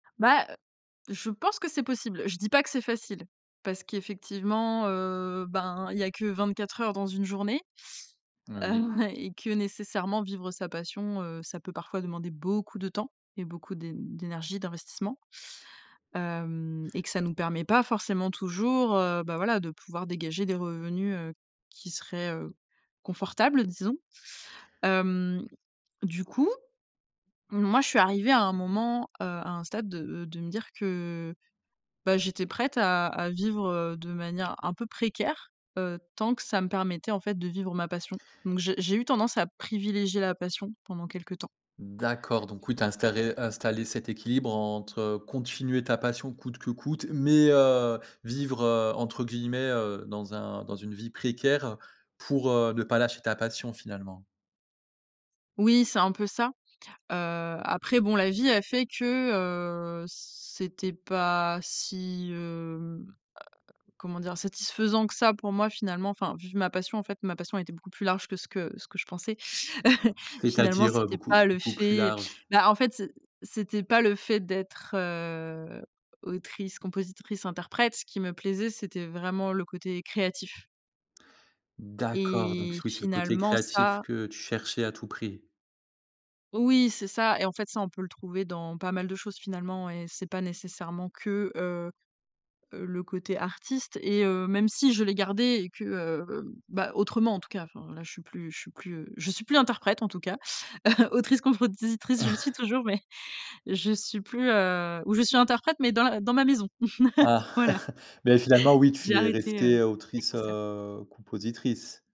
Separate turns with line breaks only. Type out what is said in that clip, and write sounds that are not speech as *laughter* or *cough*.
Bah heu, je pense que c'est possible. Je dis pas que c'est facile, parce qu'effectivement, heu, ben il y a que 24 heures dans une journée. Heu,
Oui.
ouais, et que nécessairement vivre sa passion, heu, ça peut parfois demander beaucoup de temps et beaucoup d'é d'énergie, d'investissement. Hem, et que ça nous permet pas forcément toujours, heu, ben voila, de pouvoir dégager des revenus, heu, qui seraient, heu, confortables disons. Hem, du coup, moi je suis arrivée à un moment, heu, à un stade de de me dire que bah, j'étais prête à à vivre, heu, de manière un peu précaire, heu, tant que ça me permettait en fait de vivre ma passion. Donc j'ai j'ai eu tendance à privilégier la passion pendant quelque temps.
D'accord. Donc oui, tu as installé- installé cet équilibre, entre, heu, continuer ta passion coûte que coûte, mais, heu, vivre, heu, entre guillemets, heu, dans un «dans une vie précaire», pour, heu, ne pas lâcher ta passion finalement.
Oui, c'est un peu ça. Heu, après bon la vie a fait que, heu, c'était pas si, hem, heu, comment dire? Satisfaisant que ça, pour moi, finalement, enfin, vivre ma passion en fait ma passion était beaucoup plus large que ce que ce que je pensais. *chuckles* Finalement
C'est-à-dire, heu,
c'était
beaucoup
pas le
beaucoup plus
fait
large?
bah en fait c'é c'était pas le fait d'être, heu, autrice-compositrice-interprète, ce qui me plaisait c'était vraiment le côté créatif
D'accord. Donc
et
oui, c'est le côté
finalement
créatif
ça
que tu cherchais à tout prix.
Oui c'est ça, et en fait ça on peut le trouver dans pas mal de choses finalement, et c'est pas nécessairement que, heu heu, le côté artiste et heu, même si je l'ai gardé et que, heu heu, ben autrement en tout cas, enfin là je suis plus je suis plus, heu, je suis plus interprète en tout cas. *chuckles* Autrice-compositrice, je le suis toujours, mais,
*chuckles*
je suis plus, heu, ou je suis interprète, mais dans la dans ma maison. *chuckles*
Ah,
Voilà,
*chuckles* mais finalement oui
j'ai
tu es
arrêté, heu,
restée, heu,
mes
autrice,
concerts.
heu, compositrice.